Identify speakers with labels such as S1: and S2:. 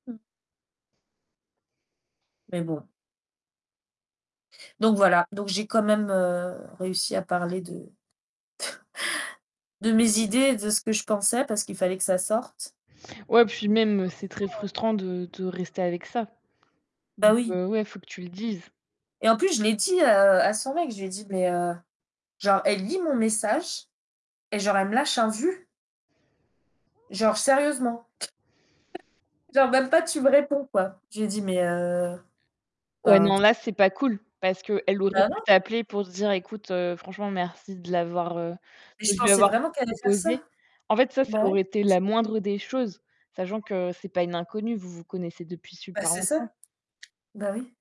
S1: Mmh. Mais bon Donc voilà! Donc j'ai quand même, heu, réussi à parler de de mes idées et de ce que je pensais, parce qu'il fallait que ça sorte!
S2: Ouais, puis
S1: Et
S2: même, heu, c'est très
S1: franchement, heu
S2: frustrant de de rester avec ça!
S1: Bah,
S2: Donc
S1: oui!
S2: heu, ouais, faut que tu le dises.
S1: Et en plus, je l'ai dit, heu, à son mec. Je lui ai dit: «Mais, heu» genre, elle lit mon message, et genre, elle me lâche un vu? «Genre sérieusement? Genre, même pas, tu me réponds, quoi?» je lui ai dit: «Mais heu
S2: Ouais,
S1: enfin»
S2: non, là, c'est pas cool! Parce qu'elle aurait
S1: Bah,
S2: pu
S1: non!
S2: t'appeler pour se dire: «Ecoute, heu, franchement, merci de l'avoir, heu,
S1: Et je
S2: de lui
S1: pensais
S2: avoir
S1: vraiment qu'elle allait faire
S2: proposé».
S1: ça!
S2: En fait, ça, ça
S1: Bah, ouais.
S2: aurait été la moindre des choses, sachant que ce n'est pas une inconnue. Vous vous connaissez depuis
S1: Bah,
S2: super
S1: c'est ça!
S2: longtemps.
S1: Bah oui.